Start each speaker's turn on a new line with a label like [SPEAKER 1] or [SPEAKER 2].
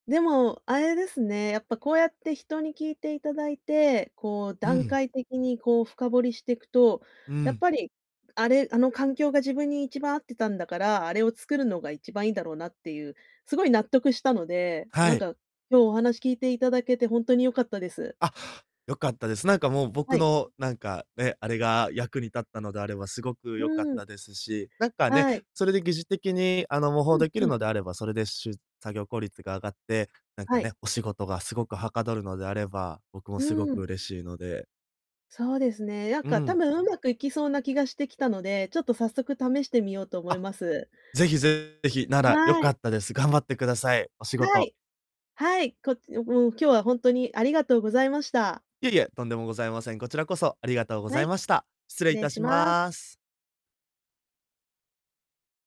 [SPEAKER 1] でも、あれですね、やっぱ、こうやって人に聞いていただいて、こう、
[SPEAKER 2] うー
[SPEAKER 1] 段
[SPEAKER 2] ん。
[SPEAKER 1] 階的に、こう、深掘りしていくと、
[SPEAKER 2] うー
[SPEAKER 1] やっ
[SPEAKER 2] ん。
[SPEAKER 1] ぱり、あれ、あの環境が自分に一番合ってたんだから、あれを作るのが一番いいんだろうなっていう、すごい納得したので、な
[SPEAKER 2] は
[SPEAKER 1] ん
[SPEAKER 2] い。
[SPEAKER 1] か、今日お話聞いていただけてほんとに良かったです。
[SPEAKER 2] あ、良かったです。なんか、もう、僕
[SPEAKER 1] はい。
[SPEAKER 2] の、なんか、ね、あれが役に立ったのであればすごく
[SPEAKER 1] う
[SPEAKER 2] 良かっ
[SPEAKER 1] ーん。
[SPEAKER 2] たですし、なんか、ね、
[SPEAKER 1] はい。
[SPEAKER 2] それで疑似的に、あの、模倣
[SPEAKER 1] うん
[SPEAKER 2] できる
[SPEAKER 1] うん。
[SPEAKER 2] のであれば、それで、しゅ作業効率が上がって、なんか、
[SPEAKER 1] はい。
[SPEAKER 2] ね、お仕事がすごくはかどるのであれば、僕も
[SPEAKER 1] う
[SPEAKER 2] すご
[SPEAKER 1] ーん。
[SPEAKER 2] く嬉しいので
[SPEAKER 1] そうですね。なん
[SPEAKER 2] うー
[SPEAKER 1] か、多
[SPEAKER 2] ん。
[SPEAKER 1] 分上手くいきそうな気がしてきたので、ちょっと、早速試してみようと思い
[SPEAKER 2] あ、
[SPEAKER 1] ます。
[SPEAKER 2] ぜひぜひ、なら良
[SPEAKER 1] は
[SPEAKER 2] か
[SPEAKER 1] い。
[SPEAKER 2] ったです。頑張ってください、お仕
[SPEAKER 1] は
[SPEAKER 2] 事。
[SPEAKER 1] い。はい、こおもう、今日はほんとにありがとうございました。
[SPEAKER 2] いえいえ、とんでもございません。こちらこそありがとうご
[SPEAKER 1] は
[SPEAKER 2] ざい
[SPEAKER 1] い。
[SPEAKER 2] ました。失
[SPEAKER 1] 失
[SPEAKER 2] 礼い
[SPEAKER 1] 礼
[SPEAKER 2] た
[SPEAKER 1] し
[SPEAKER 2] し
[SPEAKER 1] ます。
[SPEAKER 2] ます。